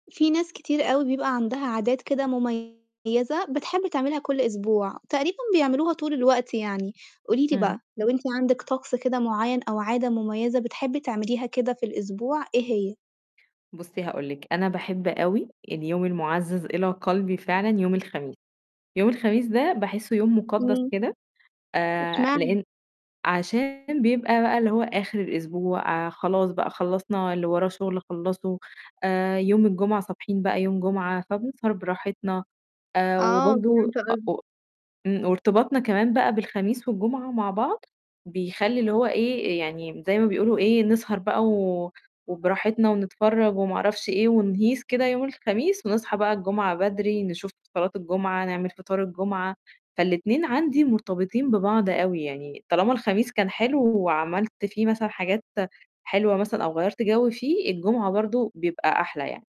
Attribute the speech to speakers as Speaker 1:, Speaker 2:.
Speaker 1: في ناس كتير أوي بيبقى عندها عادات كده مُميّزة بتحب تعملها كل أسبوع، تقريبًا بيعملوها طول الوقت يعني، قولي لي
Speaker 2: إمم.
Speaker 1: بقى، لو أنتِ عندِك طقس كده معيّن أو عادة مُميّزة بتحبّي تعمليها كده في الأسبوع إيه هي؟
Speaker 2: بُصّي هاقول لِك، أنا باحب أوي اليوم المُعزَّز إلى قَلبي فعلًا يوم الخميس، يوم الخميس ده باحسّه يوم مُقدّس
Speaker 1: إمم.
Speaker 2: كده، آآ،
Speaker 1: إشمعنا؟
Speaker 2: لإن عشان بيبقى بقى اللي هو آخِر الأسبوع آآ، خلاص بقى خلّصنا اللي وراه شُغل خلّصه آآ، يوم الجمعة صابحين بقى يوم جمعة، فبنسهر براحتنا آآ،
Speaker 1: آه، فهمت
Speaker 2: وبرضه
Speaker 1: قصد
Speaker 2: أو إمم، وارتباطنا كمان بقى بالخميس والجمعة مع بعض بيخلّي اللي هو إيه، يعني م زي ما بيقولوا إيه، نسهر بقى و وبراحتنا ونتفرّج وما أعرفش إيه ونهيص كده يوم الخميس ونصحى بقى الجمعة بدري نشوف صلاة الجمعة، نعمل فطار الجمعة، فالاتنين عندي مرتبطين ببعض أوي، يعني طالما الخميس كان حلو وعملت في مثلًا حاجات حلوة مثلًا أو غيّرت جَو فيه الجمعة برضه بيبقى أحلى يعني.